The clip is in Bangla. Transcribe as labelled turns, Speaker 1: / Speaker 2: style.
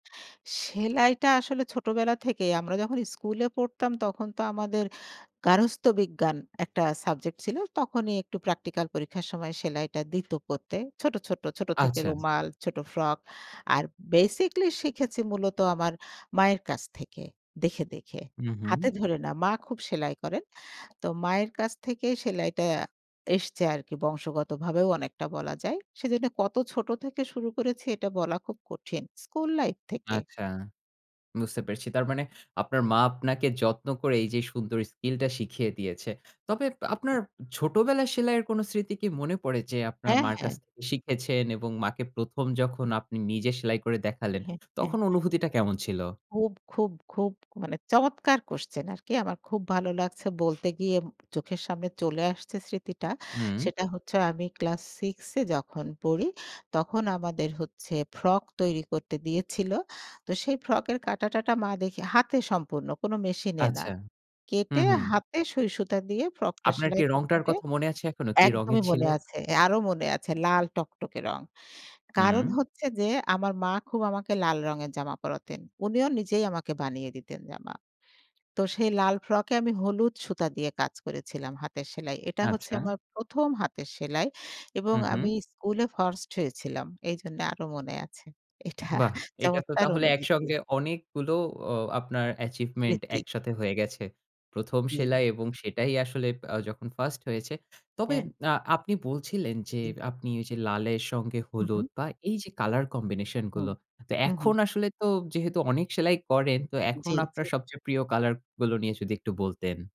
Speaker 1: সেলাইটা আসলে ছোটবেলা থেকেই আমরা যখন স্কুলে পড়তাম তখন তো আমাদের গারস্থ বিজ্ঞান একটা সাবজেক্ট ছিল। তখনই একটু প্র্যাকটিক্যাল পরীক্ষার সময় সেলাইটা দিত করতে। ছোট, ছোট, ছোট থেকে
Speaker 2: আচ্ছা।
Speaker 1: রুমাল, ছোট ফ্রক। আর basically শিখেছি মূলত আমার মায়ের কাছ থেকে দেখে, দেখে।
Speaker 2: হু,
Speaker 1: হাতে
Speaker 2: হু।
Speaker 1: ধরে না। মা খুব সেলাই করেন। তো মায়ের কাছ থেকে সেলাইটা এসছে আরকি। বংশগতভাবেও অনেকটা বলা যায়। সেজন্য কত ছোট থেকে শুরু করেছি এটা বলা খুব কঠিন। স্কুল লাইফ থেকে।
Speaker 2: আচ্ছা, বুঝতে পেরেছি। তার মানে আপনার মা আপনাকে যত্ন করে এই যে সুন্দর skill টা শিখিয়ে দিয়েছে। তবে আপনার ছোটবেলার সেলাইয়ের কোন স্মৃতি কি মনে পড়ে যে আপনার
Speaker 1: হ্যাঁ,
Speaker 2: মার
Speaker 1: হ্যাঁ।
Speaker 2: কাছ থেকে শিখেছেন এবং মাকে ১ম, যখন আপনি নিজে সেলাই করে
Speaker 1: জি,
Speaker 2: দেখালেন
Speaker 1: হ্যাঁ, হ্যাঁ।
Speaker 2: তখন অনুভূতিটা কেমন ছিল?
Speaker 1: খুব, খুব, খুব মানে চমৎকার question আরকি। আমার খুব ভালো লাগছে বলতে গিয়ে চোখের সামনে চলে আসছে স্মৃতিটা।
Speaker 2: উম
Speaker 1: সেটা হচ্ছে আমি ক্লাস 6 এ যখন পড়ি তখন আমাদের হচ্ছে ফ্রক তৈরি করতে দিয়েছিল। তো সেই ফ্রক কাটা-টাটা মা দেখে হাতে সম্পূর্ণ কোন মেশিনে না।
Speaker 2: আচ্ছা হু,
Speaker 1: কেটে
Speaker 2: হু।
Speaker 1: হাতে সইসুতা দিয়ে ফ্রকটা
Speaker 2: আপনার কি
Speaker 1: সেলাই করতে
Speaker 2: রংটার
Speaker 1: হবে।
Speaker 2: কথা মনে আছে এখনো? কি রঙের
Speaker 1: একদমই
Speaker 2: ছিল?
Speaker 1: মনে আছে। আরো মনে আছে লাল টকটকে রং। কারণ
Speaker 2: হুম।
Speaker 1: হচ্ছে যে আমার মা খুব আমাকে লাল রঙের জামা পরাতেন। উনিও নিজেই আমাকে বানিয়ে দিতেন জামা। তো সেই লাল ফ্রকে আমি হলুদ সুতা দিয়ে কাজ করেছিলাম হাতের সেলাই। এটা হচ্ছে
Speaker 2: আচ্ছা।
Speaker 1: আমার ১ম, হাতের সেলাই এবং
Speaker 2: হু,
Speaker 1: আমি
Speaker 2: হু।
Speaker 1: স্কুলে ফার্স্ট হয়েছিলাম। এইজন্য আরো মনে আছে। এটা
Speaker 2: বাহ! এটা তো
Speaker 1: চমৎকার
Speaker 2: তাহলে
Speaker 1: অনুভূতি।
Speaker 2: একসঙ্গে অনেকগুলো আ আপনার achievement
Speaker 1: বৃত্তি।
Speaker 2: একসাথে হয়ে গেছে। ১ম, সেলাই
Speaker 1: জি।
Speaker 2: এবং সেটাই আসলে আ যখন ফার্স্ট হয়েছে। তবে
Speaker 1: হ্যাঁ।
Speaker 2: আ আপনি বলছিলেন, যে
Speaker 1: জি।
Speaker 2: আপনি ওই যে লালের সঙ্গে
Speaker 1: উহু।
Speaker 2: হলুদ বা এই যে কালার combination
Speaker 1: হু,
Speaker 2: গুলো। তো
Speaker 1: হু,
Speaker 2: এখন
Speaker 1: হু।
Speaker 2: আসলে তো যেহেতু অনেক সেলাই করেন তো এখন
Speaker 1: জি, জি।
Speaker 2: আপনার সবচেয়ে প্রিয় কালার গুলো নিয়ে যদি একটু বলতেন।